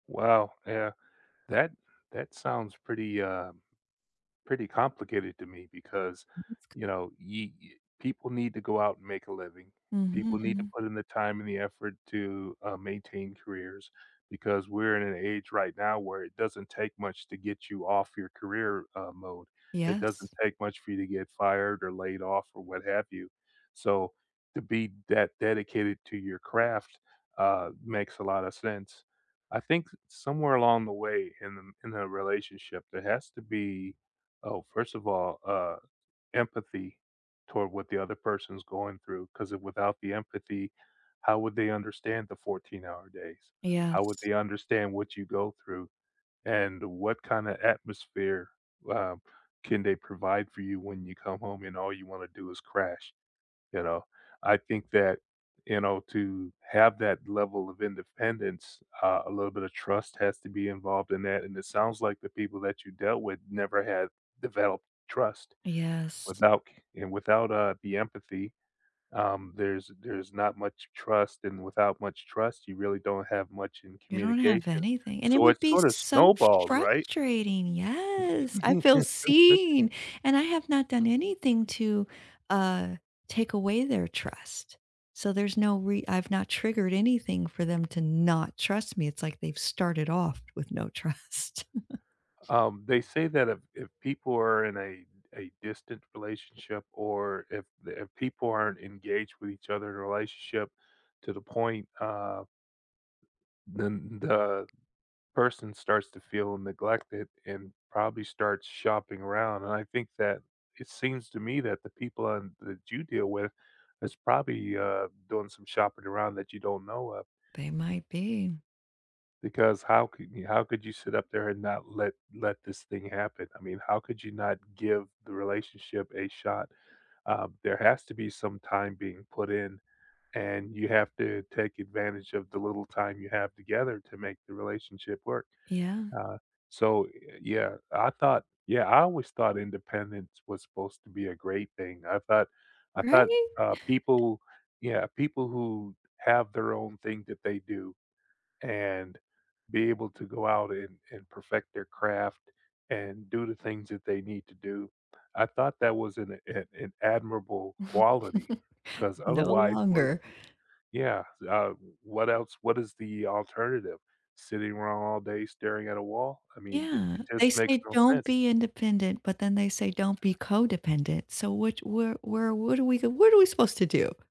Well, yeah, that that sounds pretty, uh pretty complicated to me, because, [unintelligible] you know, you y people need to go out, and make a living, people need to Mhm. put in the time, and the effort to, uh, maintain careers, because we're in an age right now where it doesn't take much to get you off your career, uh, mode, it doesn't Yes. take much for you to get fired, or laid off, or what have you, so to be that dedicated to your craft, uh, makes a lot of sense, I think somewhere along the way in the in the relationship there has to be Oh, first of all, uh, empathy toward what the other person's going through, 'cause, it without the empathy, how would they understand the 14-hour days? How would Yes. they understand what you go through, and what kinda atmosphere, uh, can they provide for you when you come home, and all you want to do is crash, you know? I think that, you know, to have that level of independence, uh, a little bit of trust has to be involved in that, and it sounds like the people that you dealt with never have developed trust. Yes. Without c Without, uh, the empathy, um, there's there's not much trust, and without much trust, you really don't have much in You don't have communication, anything, and it so would it's be sorta so snowballs, right? frustrating. Yes, I feel seen, and I have not done anything to, uh, take away their trust, so there's no re I've not triggered anything for them to not trust me, it's like they've started off with no trust. Um, they say that if if people are in a a distant relationship, or if the if people aren't engaged with each other in a relationship to the point, uh then the person starts to feel neglected, and probably starts shopping around, and I think that it seems to me that the people and that you deal with is probably, uh, doing some shopping around that you don't know of They might be. because how could how could you sit up there and not let let this thing happen? I mean, how could you not give the relationship a shot? Uh, there has to be some time being put in, and you have to take advantage of the little time you have together to make the relationship work, Yeah. uh, so, y yeah, I thought Yeah, I always thought independence was supposed to be a great thing, I thought I thought, Right. uh, people Yeah, people who have their own thing that they do, and be able to go out, and and perfect their craft, and do the things that they need to do, I thought that was an a uh, an admirable quality, 'cause No otherwise, what longer. Yeah, so, um, what else what is the alternative? Sitting around all day staring at a wall? I mean, did Yeah, it they just makes say no don't sense. be independent, but then they say, don't be codependent. So which Where Where What do we go? What are we supposed to do?